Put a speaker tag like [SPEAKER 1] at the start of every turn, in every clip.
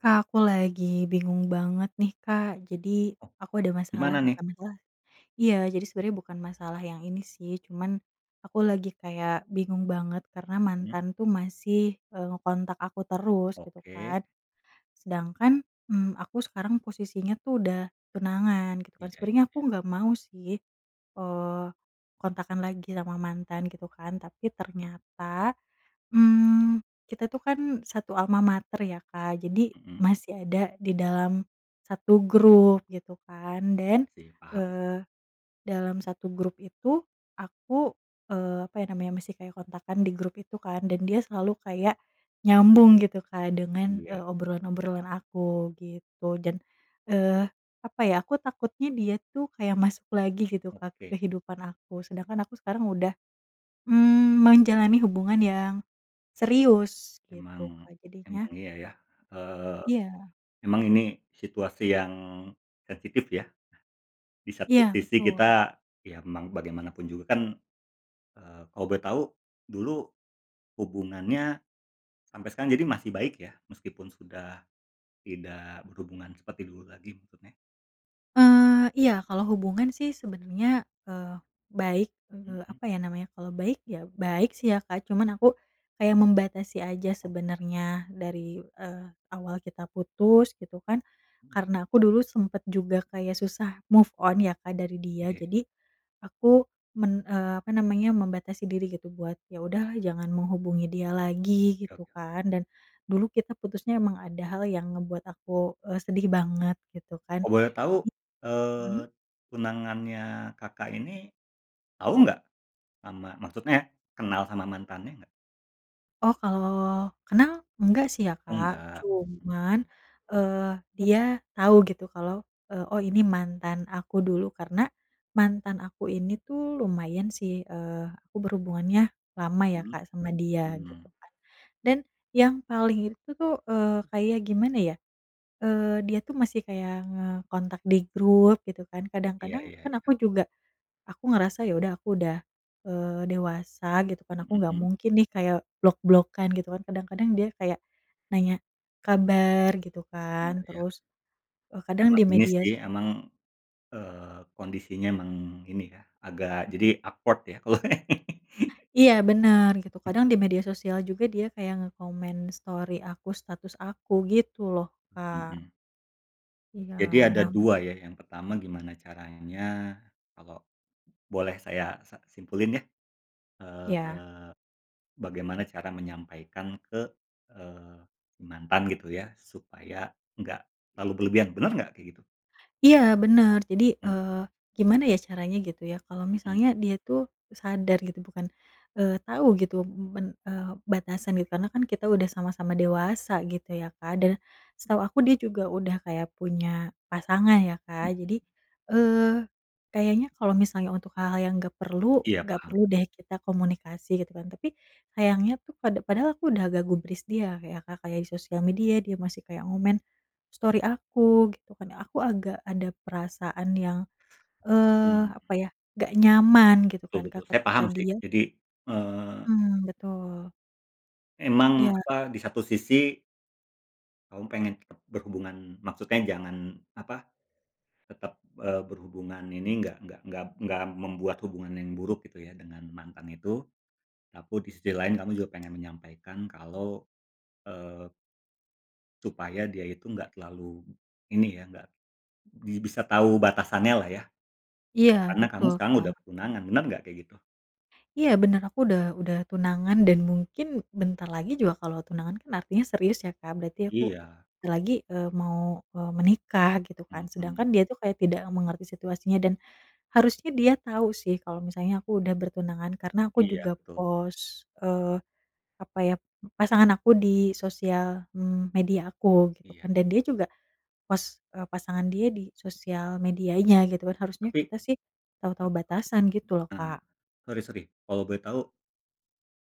[SPEAKER 1] Kak, aku lagi bingung banget nih, Kak. Jadi
[SPEAKER 2] Oh,
[SPEAKER 1] aku ada masalah
[SPEAKER 2] gimana nih?
[SPEAKER 1] bukan masalah iya jadi sebenernya bukan masalah yang ini sih, cuman aku lagi kayak bingung banget, karena
[SPEAKER 2] Hmm.
[SPEAKER 1] mantan tuh masih, eee, ngekontak aku terus gitu
[SPEAKER 2] Oke.
[SPEAKER 1] kan. Sedangkan, mmm, aku sekarang posisinya tuh udah tunangan gitu kan.
[SPEAKER 2] Iya iya
[SPEAKER 1] Sebenernya aku
[SPEAKER 2] iya.
[SPEAKER 1] nggak mau sih, eee, kontakan lagi sama mantan gitu kan. Tapi ternyata, mmm, kita tuh kan satu almamater ya, Kak, jadi
[SPEAKER 2] Hmm.
[SPEAKER 1] masih ada di dalam satu grup gitu kan. Dan,
[SPEAKER 2] Sih, paham sih.
[SPEAKER 1] eee, dalam satu grup itu aku, eee, apa ya namanya masih kayak kontakan di grup itu kan, dan dia selalu kayak nyambung gitu kan dengan, eee,
[SPEAKER 2] Iya.
[SPEAKER 1] obrolan-obrolan aku gitu. Dan, eee, apa ya, aku takutnya dia tuh kayak masuk lagi gitu, Kak,
[SPEAKER 2] Oke.
[SPEAKER 1] ke kehidupan aku, sedangkan aku sekarang udah, mmm, menjalani hubungan yang serius gitu,
[SPEAKER 2] Emang
[SPEAKER 1] Kak.
[SPEAKER 2] emang
[SPEAKER 1] Jadinya
[SPEAKER 2] iya ya, eee,
[SPEAKER 1] Iya.
[SPEAKER 2] emang ini situasi yang sensitif ya. Di satu
[SPEAKER 1] Iya
[SPEAKER 2] sisi
[SPEAKER 1] betul.
[SPEAKER 2] kita, ya memang bagaimanapun juga kan, eee, kalau boleh tahu dulu hubungannya sampai sekarang jadi masih baik ya? Meskipun sudah tidak berhubungan seperti dulu lagi maksudnya.
[SPEAKER 1] Eee, iya, kalau hubungan sih sebenernya, eee, baik, eee,
[SPEAKER 2] Mhm.
[SPEAKER 1] apa ya namanya kalau baik ya baik sih ya, Kak cuman aku kayak membatasi aja
[SPEAKER 2] Oke.
[SPEAKER 1] sebenernya dari, eee, awal kita putus gitu kan
[SPEAKER 2] Mhm.
[SPEAKER 1] karena aku dulu sempet juga kayak susah move on ya, Kak dari dia.
[SPEAKER 2] Oke.
[SPEAKER 1] Jadi aku men eee, apa namanya membatasi diri gitu buat ya udahlah jangan menghubungi dia lagi
[SPEAKER 2] Oke oke
[SPEAKER 1] gitu
[SPEAKER 2] oke.
[SPEAKER 1] kan dan dulu kita putusnya emang ada hal yang ngebuat aku, e sedih banget gitu kan,
[SPEAKER 2] Kalau boleh tahu,
[SPEAKER 1] i mmm?
[SPEAKER 2] eee, tunangannya Kakak ini tahu nggak sama maksudnya, kenal sama mantannya nggak?
[SPEAKER 1] Oh, kalau kenal enggak sih ya,
[SPEAKER 2] Oh
[SPEAKER 1] Kak.
[SPEAKER 2] nggak, mhm
[SPEAKER 1] Cuman,
[SPEAKER 2] mhm.
[SPEAKER 1] eee, dia tahu gitu kalau, e “Oh ini mantan aku dulu.” Karena mantan aku ini tuh lumayan sih, eee, aku berhubungannya lama ya,
[SPEAKER 2] Mhm,
[SPEAKER 1] Kak, sama dia
[SPEAKER 2] mmm.
[SPEAKER 1] gitu kan. Dan yang paling itu tuh, eee, kayak gimana ya, eee, dia tuh masih kayak ngekontak di grup gitu kan.
[SPEAKER 2] Iya
[SPEAKER 1] Kadang-kadang
[SPEAKER 2] iya
[SPEAKER 1] kan
[SPEAKER 2] iya.
[SPEAKER 1] aku juga aku ngerasa ya udah aku udah, eee, dewasa gitu kan aku nggak
[SPEAKER 2] Mhm.
[SPEAKER 1] mungkin nih kayak blok-blokkan gitu kan. Kadang-kadang dia kayak nanya kabar gitu
[SPEAKER 2] Iya,
[SPEAKER 1] kan,
[SPEAKER 2] ya.
[SPEAKER 1] terus e kadang
[SPEAKER 2] Emang
[SPEAKER 1] di
[SPEAKER 2] ini
[SPEAKER 1] media
[SPEAKER 2] sih
[SPEAKER 1] so
[SPEAKER 2] emang, eee, kondisinya emang ini ya agak jadi awkward ya kalo
[SPEAKER 1] Iya bener gitu, kadang di media sosial juga dia kayak ngekomen story aku, status aku gitu loh,
[SPEAKER 2] M
[SPEAKER 1] Kak.
[SPEAKER 2] mhm.
[SPEAKER 1] Iya,
[SPEAKER 2] Jadi ada
[SPEAKER 1] nah
[SPEAKER 2] dua ya, yang pertama gimana caranya, kalo boleh saya sa simpulin ya,
[SPEAKER 1] Ya.
[SPEAKER 2] eee, bagaimana cara menyampaikan ke, eee, mantan gitu ya supaya nggak terlalu berlebihan, benar nggak kayak gitu?
[SPEAKER 1] Iya bener jadi,
[SPEAKER 2] Mmm.
[SPEAKER 1] eee, gimana ya caranya gitu ya kalau
[SPEAKER 2] Mhm.
[SPEAKER 1] misalnya dia tuh sadar gitu bukan, eee, tahu gitu men e batasan gitu karena kan kita udah sama-sama dewasa gitu ya Kak. Dan setau aku dia juga udah kayak punya pasangan ya Kak jadi,
[SPEAKER 2] Mhm.
[SPEAKER 1] eee, kayaknya kalau misalnya untuk hal-hal yang nggak perlu,
[SPEAKER 2] Iya
[SPEAKER 1] nggak
[SPEAKER 2] paham.
[SPEAKER 1] perlu deh kita komunikasi gitu kan. Tapi, sayangnya tuh pada padahal aku udah nggak gubris dia Kak ya Kak, kayak di sosial media dia masih kayak ngomen story aku gitu kan aku agak ada perasaan yang, eee,
[SPEAKER 2] Mmm.
[SPEAKER 1] apa ya nggak nyaman gitu kan,
[SPEAKER 2] Betul
[SPEAKER 1] Kak
[SPEAKER 2] betul, saya
[SPEAKER 1] ketika
[SPEAKER 2] paham sih.
[SPEAKER 1] dia
[SPEAKER 2] Jadi, eee
[SPEAKER 1] Mmm, betul.
[SPEAKER 2] emang,
[SPEAKER 1] Iya.
[SPEAKER 2] apa di satu sisi kamu pengen berhubungan, maksudnya jangan apa tetap, eee, berhubungan ini nggak nggak nggak nggak membuat hubungan yang buruk gitu ya dengan mantan itu, tapi di sisi lain kamu juga pengen menyampaikan kalau, eee supaya dia itu nggak terlalu ini ya, nggak di bisa tahu batasannya lah ya.
[SPEAKER 1] Iya
[SPEAKER 2] Karena kamu
[SPEAKER 1] betul,
[SPEAKER 2] sekarang
[SPEAKER 1] Kak.
[SPEAKER 2] udah tunangan. Bener nggak kayak gitu?
[SPEAKER 1] Iya bener aku udah udah tunangan dan mungkin bentar lagi juga kalau tunangan kan artinya serius ya, Kak. Berarti aku
[SPEAKER 2] Iya.
[SPEAKER 1] bentar lagi, eee, mau, eee, menikah gitu kan.
[SPEAKER 2] Mhm.
[SPEAKER 1] Sedangkan dia tuh kayak tidak mengerti situasinya dan harusnya dia tau sih kalau misalnya aku udah bertunangan karena aku juga
[SPEAKER 2] Iya, betul.
[SPEAKER 1] pos, eee, apa ya pasangan aku di sosial, mmm, media aku gitu
[SPEAKER 2] Iya.
[SPEAKER 1] kan. Dan dia juga post e pasangan dia di sosial medianya gitu kan harusnya
[SPEAKER 2] Tapi
[SPEAKER 1] kita sih tau tau
[SPEAKER 2] heeh.
[SPEAKER 1] batasan gitu loh,
[SPEAKER 2] Heeh,
[SPEAKER 1] Kak.
[SPEAKER 2] sori sori kalau boleh tau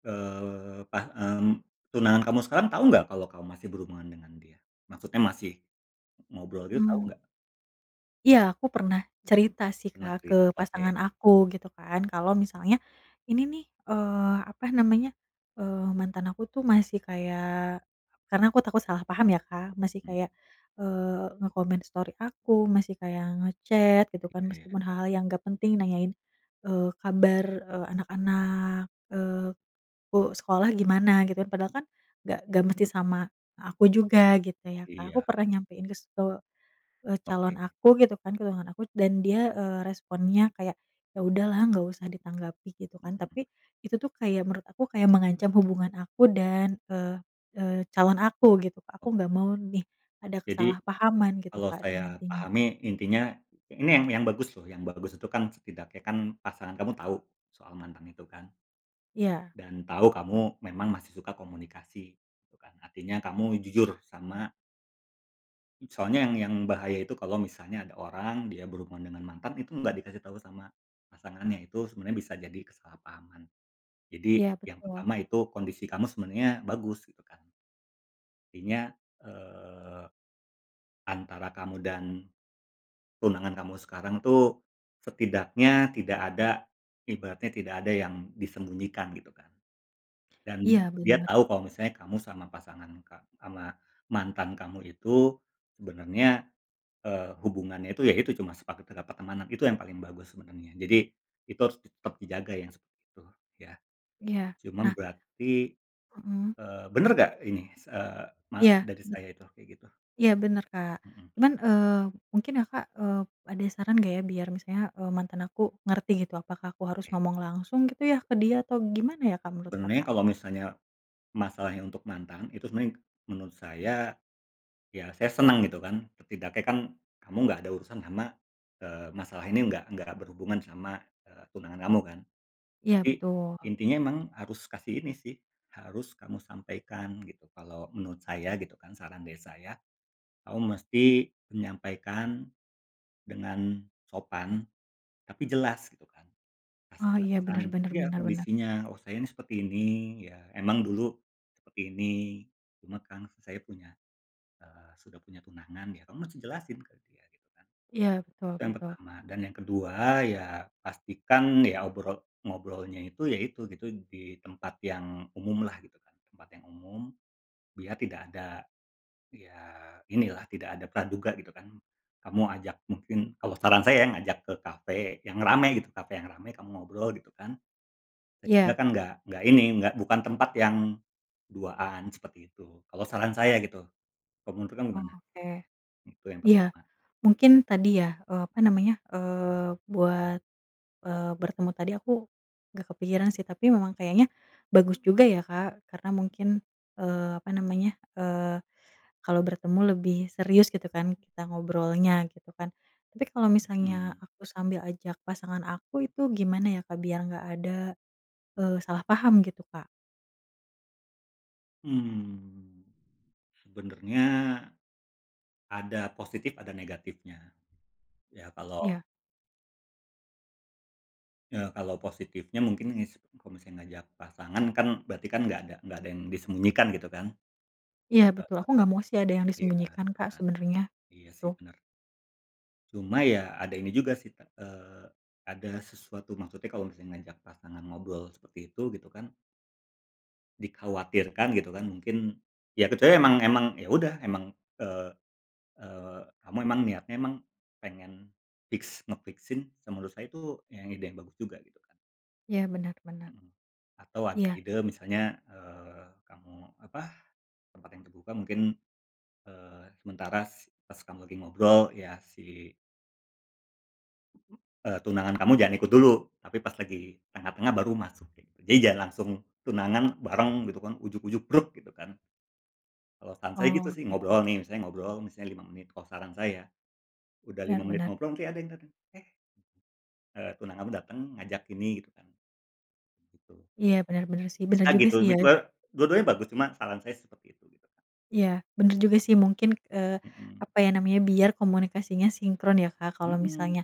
[SPEAKER 2] eee, pah mmm, tunangan kamu sekarang tau nggak kalau kamu masih berhubungan dengan dia? Maksudnya masih ngobrol dia tahu
[SPEAKER 1] Mmm.
[SPEAKER 2] nggak?
[SPEAKER 1] Iya, aku pernah cerita sih,
[SPEAKER 2] Pernah
[SPEAKER 1] Kak, ke
[SPEAKER 2] cerita, oke.
[SPEAKER 1] pasangan aku gitu kan kalau misalnya, "Ini nih, eee, apa namanya, eee, mantan aku tuh masih kayak," karena aku takut salah paham ya, Kak, "masih
[SPEAKER 2] Mmm.
[SPEAKER 1] kayak, eee, ngekomen story aku, masih kayak nge-chat gitu
[SPEAKER 2] Iya
[SPEAKER 1] kan
[SPEAKER 2] iya ya.
[SPEAKER 1] meskipun hal-hal yang nggak penting nanyain, eee, kabar e anak-anak, eee, ku sekolah gimana." Gitu, padahal kan nggak nggak mesti sama aku juga gitu ya, Kak. Aku
[SPEAKER 2] Iya.
[SPEAKER 1] pernah nyampein ke stu eee, calon
[SPEAKER 2] Oke.
[SPEAKER 1] aku gitu kan tunangan aku, dan dia, eee, responsnya kayak, “Ya udahlah nggak usah ditanggapi.” Gitu kan.
[SPEAKER 2] Mhm.
[SPEAKER 1] Tapi itu tuh kayak menurut aku kayak mengancam hubungan aku dan e e calon aku gitu, Kak. Aku
[SPEAKER 2] Oke
[SPEAKER 1] nggak
[SPEAKER 2] oke.
[SPEAKER 1] mau nih ada
[SPEAKER 2] Jadi,
[SPEAKER 1] kesalahpahaman gitu,
[SPEAKER 2] kalau
[SPEAKER 1] Kak dia
[SPEAKER 2] saya
[SPEAKER 1] nantinya.
[SPEAKER 2] pahami intinya ini ya yang bagus loh, yang bagus itu kan setidaknya kan, pasangan kamu tahu soal mantan itu kan
[SPEAKER 1] Iya.
[SPEAKER 2] dan tahu kamu memang masih suka komunikasi gitu kan, artinya kamu jujur sama Soalnya yang yang bahaya itu kalau misalnya ada orang dia berhubungan dengan mantan itu enggak dikasih tahu sama pasangannya, itu sebenarnya bisa jadi kesalahpahaman. Jadi
[SPEAKER 1] Iya,
[SPEAKER 2] yang
[SPEAKER 1] betul.
[SPEAKER 2] pertama itu kondisi kamu sebenarnya bagus gitu kan. Intinya, eee, antara kamu dan tunangan kamu sekarang itu, setidaknya tidak ada ibaratnya tidak ada yang disembunyikan gitu kan.
[SPEAKER 1] Iya,
[SPEAKER 2] Dan dia
[SPEAKER 1] bener.
[SPEAKER 2] tahu kalau misalnya kamu sama pasangan ka ama mantan kamu itu sebenarnya, eee, hubungannya itu ya itu cuma sepakat kita pertemanan. Itu yang paling bagus sebenarnya. Jadi itu harus tetap dijaga yang seperti itu ya.
[SPEAKER 1] Iya,
[SPEAKER 2] Cuma
[SPEAKER 1] nah
[SPEAKER 2] berarti,
[SPEAKER 1] Mhm.
[SPEAKER 2] eee, bener nggak ini, s eee, ma
[SPEAKER 1] Iya,
[SPEAKER 2] dari
[SPEAKER 1] bet
[SPEAKER 2] saya itu kayak gitu?
[SPEAKER 1] Iya bener, Kak.
[SPEAKER 2] Mhm.
[SPEAKER 1] Cuman, eee, mungkin Kakak, eee, ada saran nggak ya biar misalnya, eee, mantan aku ngerti gitu apakah aku harus
[SPEAKER 2] Oke.
[SPEAKER 1] ngomong langsung gitu ya ke dia? Atau gimana ya, Kak menurut
[SPEAKER 2] Sebenernya
[SPEAKER 1] Kakak?
[SPEAKER 2] kalau misalnya masalahnya untuk mantan, itu sebenarnya menurut saya, ya saya senang gitu kan, setidak kan kamu nggak ada urusan sama, eee, masalah ini nggak nggak berhubungan sama e tunangan kamu kan.
[SPEAKER 1] Iya
[SPEAKER 2] Jadi
[SPEAKER 1] betul.
[SPEAKER 2] Intinya memang harus kasih ini sih, harus kamu sampaikan gitu kalau menurut saya gitu kan saran dari saya kamu mesti menyampaikan dengan sopan tapi jelas gitu kan. Pas
[SPEAKER 1] Oh
[SPEAKER 2] kita
[SPEAKER 1] iya,
[SPEAKER 2] bosan
[SPEAKER 1] bener bener
[SPEAKER 2] iya
[SPEAKER 1] bener bener.
[SPEAKER 2] kondisinya, "Oh saya nih seperti ini, ya emang dulu seperti ini, cuma kan saya punya, eee, sudah punya tunangan ya." Kamu masih jelasin ke dia gitu kan.
[SPEAKER 1] Iya betul
[SPEAKER 2] Itu yang
[SPEAKER 1] betul.
[SPEAKER 2] pertama dan yang kedua ya pastikan ya obrol ngobrolnya itu ya itu gitu di tempat yang umum lah gitu kan tempat yang umum, biar tidak ada ya ini lah tidak ada praduga gitu kan. Kamu ajak mungkin, kalau saran saya ya ngajak ke cafe yang rame gitu cafe yang rame kamu ngobrol gitu kan. Sehingga
[SPEAKER 1] Iya.
[SPEAKER 2] kan nggak nggak ini nggak bukan tempat yang duaan seperti itu. Kalau saran saya gitu, kalau menurut kamu gimana?
[SPEAKER 1] Oke,
[SPEAKER 2] Itu yang
[SPEAKER 1] iya
[SPEAKER 2] pertama.
[SPEAKER 1] mungkin tadi ya e apa namanya, eee, buat, eee, bertemu tadi aku nggak kepikiran sih tapi memang kayaknya bagus juga ya, Kak karena mungkin, eee, apa namanya, eee, kalau bertemu lebih serius gitu kan kita ngobrolnya gitu kan. Tapi kalau misalnya
[SPEAKER 2] Mhm.
[SPEAKER 1] aku sambil ajak pasangan aku itu gimana ya Kak? Biar enggak ada, eee, salah paham gitu Kak.
[SPEAKER 2] Mmm, sebenarnya ada positif ada negatifnya. Ya kalo
[SPEAKER 1] Iya.
[SPEAKER 2] Ya kalau positifnya mungkin ngis kalau ngajak pasangan kan berarti kan nggak ada nggak ada yang disembunyikan gitu kan.
[SPEAKER 1] Iya betul,
[SPEAKER 2] Heeh.
[SPEAKER 1] aku nggak mau sih ada yang
[SPEAKER 2] Iya,
[SPEAKER 1] disembunyikan,
[SPEAKER 2] gitu
[SPEAKER 1] Kak
[SPEAKER 2] kan.
[SPEAKER 1] sebenarnya
[SPEAKER 2] Iya sih
[SPEAKER 1] gitu.
[SPEAKER 2] bener. Cuma ya ada ini juga sih, te eee, ada sesuatu maksudnya kalau misalnya ngajak pasangan ngobrol seperti itu gitu kan dikhawatirkan gitu kan mungkin ya kecuali emang emang ya udah emang, eee eee, kamu emang niatnya emang pengen fix nge fix-in se menurut saya itu ide yang bagus juga gitu kan.
[SPEAKER 1] Iya, bener bener.
[SPEAKER 2] Mhm. Atau ada
[SPEAKER 1] Iya.
[SPEAKER 2] ide misalnya, eee, kamu apa tempat yang terbuka mungkin, eee, sementara s pas kamu lagi ngobrol ya si eee, tunangan kamu jangan ikut dulu. Tapi pas lagi tengah-tengah baru masukin. Jadi jangan langsung tunangan bareng gitu kan ujug-ujug bruk gitu kan. Kalau saran saya gitu
[SPEAKER 1] Oh,
[SPEAKER 2] sih
[SPEAKER 1] oke.
[SPEAKER 2] ngobrol nih, misalnya ngobrol misalnya 5 menit kalau saran saya. Udah
[SPEAKER 1] Bener
[SPEAKER 2] 5 menit
[SPEAKER 1] bener.
[SPEAKER 2] ngobrol, nanti ada yang datang, Eh eee, tunangan kamu datang ngajak ini gitu kan. Betul.
[SPEAKER 1] Iya bener bener sih, bener
[SPEAKER 2] Bisa
[SPEAKER 1] juga
[SPEAKER 2] gitu,
[SPEAKER 1] sih
[SPEAKER 2] bi
[SPEAKER 1] ya.
[SPEAKER 2] e dua-duanya bagus, cuma saran saya seperti itu gitu kan.
[SPEAKER 1] Iya bener juga sih mungkin, eee,
[SPEAKER 2] Mhm.
[SPEAKER 1] apa ya namanya biar komunikasinya sinkron ya, Kak. Kalau
[SPEAKER 2] Mhm.
[SPEAKER 1] misalnya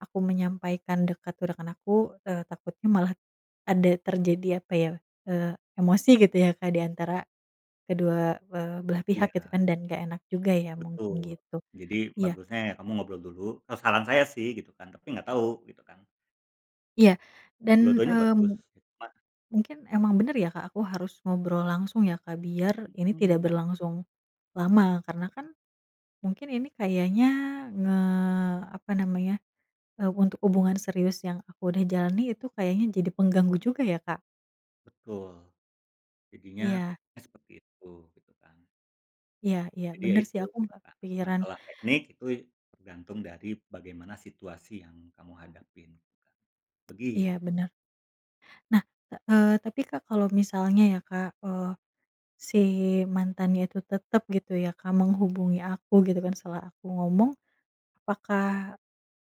[SPEAKER 1] aku menyampaikan dekat ke rekan aku, eee, takutnya malah ada terjadi apa ya, eee, emosi gitu ya Kak diantara kedua, eee, belah pihak gitu
[SPEAKER 2] Iya.
[SPEAKER 1] kan dan nggak enak juga ya mungkin
[SPEAKER 2] Betul.
[SPEAKER 1] gitu.
[SPEAKER 2] Jadi
[SPEAKER 1] Iya
[SPEAKER 2] bagusnya ya kamu ngobrol dulu. E saran saya sih gitu kan. Tapi nggak tahu gitu kan.
[SPEAKER 1] Iya dan,
[SPEAKER 2] Dua-duanya
[SPEAKER 1] eee,
[SPEAKER 2] bagus,
[SPEAKER 1] mu
[SPEAKER 2] cuma
[SPEAKER 1] mungkin emang bener ya Kak aku harus ngobrol langsung ya, Kak? Biar ini tidak
[SPEAKER 2] Mhm.
[SPEAKER 1] berlangsung lama karena kan mungkin ini kayaknya nge apa namanya e untuk hubungan serius yang aku udah jalani itu kayaknya jadi pengganggu juga ya, Kak?
[SPEAKER 2] Betul, jadinya
[SPEAKER 1] Iya.
[SPEAKER 2] seperti itu, gitu kan.
[SPEAKER 1] Iya iya,
[SPEAKER 2] Jadi ya
[SPEAKER 1] bener sih
[SPEAKER 2] itu
[SPEAKER 1] aku
[SPEAKER 2] gitu
[SPEAKER 1] nggak
[SPEAKER 2] kan,
[SPEAKER 1] kepikiran.
[SPEAKER 2] masalah teknik itu tergantung dari bagaimana situasi yang kamu hadapin juga, begitu.
[SPEAKER 1] Iya bener. Nah, eee, tapi Kak kalau misalnya ya Kak, eee, si mantannya itu tetap gitu ya, Kak menghubungi aku gitu kan setelah aku ngomong. Apakah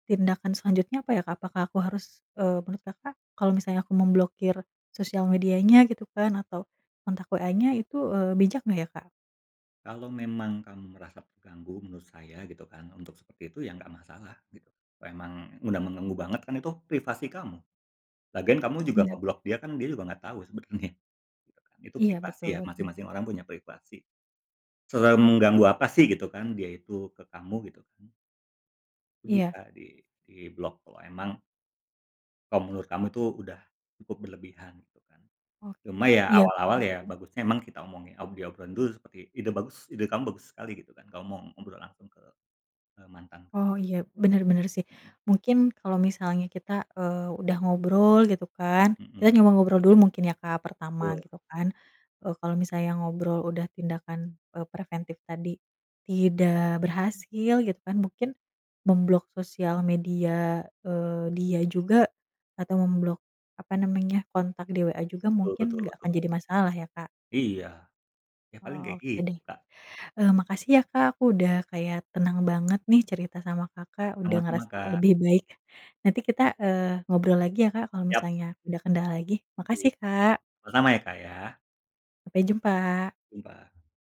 [SPEAKER 1] tindakan selanjutnya apa ya Kak? Apakah aku harus, eee, menurut Kakak kalau misalnya aku memblokir sosial medianya gitu kan atau kontak WA-nya itu, eee, bijak nggak ya, Kak?
[SPEAKER 2] Kalau memang kamu merasa terganggu menurut saya gitu kan, untuk seperti itu ya nggak masalah gitu. Memang udah mengganggu banget kan itu privasi kamu. Lagian kamu juga
[SPEAKER 1] Iya.
[SPEAKER 2] nge-block dia kan dia juga nggak tahu sebenernya. Itu kan itu
[SPEAKER 1] Iya
[SPEAKER 2] privasi
[SPEAKER 1] betul
[SPEAKER 2] ya,
[SPEAKER 1] betul.
[SPEAKER 2] masing-masing orang punya privasi. Semengganggu apa sih gitu kan dia itu ke kamu gitu kan. Itu
[SPEAKER 1] Iya.
[SPEAKER 2] bisa di diblok kalau emang kalau menurut kamu itu udah cukup berlebihan gitu kan.
[SPEAKER 1] Oke,
[SPEAKER 2] Cuma ya
[SPEAKER 1] iya
[SPEAKER 2] awal-awal
[SPEAKER 1] bener
[SPEAKER 2] ya
[SPEAKER 1] sih.
[SPEAKER 2] bagusnya emang kita omongin diob obrolin dulu seperti ide bagus, ide kamu bagus sekali gitu kan. Kamu mau ngobrol langsung ke, eee, mantan.
[SPEAKER 1] Oh iya, bener bener sih.
[SPEAKER 2] Mhm.
[SPEAKER 1] Mungkin kalau misalnya kita, eee, udah ngobrol gitu kan
[SPEAKER 2] Mhm.
[SPEAKER 1] kita coba ngobrol dulu mungkin ya, Kak pertama
[SPEAKER 2] Betul.
[SPEAKER 1] gitu kan e kalau misalnya ngobrol udah tindakan e preventif tadi tidak berhasil gitu kan mungkin memblok sosial media, eee, dia juga atau memblok apa
[SPEAKER 2] Iy
[SPEAKER 1] namanya kontak di WA juga
[SPEAKER 2] Betul
[SPEAKER 1] mungkin
[SPEAKER 2] betul
[SPEAKER 1] nggak akan
[SPEAKER 2] betul.
[SPEAKER 1] jadi masalah ya Kak.
[SPEAKER 2] Iya, ya paling
[SPEAKER 1] Oh,
[SPEAKER 2] kayak
[SPEAKER 1] oke deh.
[SPEAKER 2] gitu, Kak.
[SPEAKER 1] Eee, makasih ya Kak aku udah kayak tenang banget nih cerita sama Kakak, udah
[SPEAKER 2] Sama-sama,
[SPEAKER 1] ngerasa
[SPEAKER 2] Kak.
[SPEAKER 1] lebih baik. Nanti kita, eee, ngobrol lagi ya Kak, kalau
[SPEAKER 2] Siap.
[SPEAKER 1] misalnya ada kendala lagi.
[SPEAKER 2] Iy
[SPEAKER 1] Makasih, Kak.
[SPEAKER 2] sama-sama, ya Kak ya.
[SPEAKER 1] Sampai jumpa.
[SPEAKER 2] Jumpa.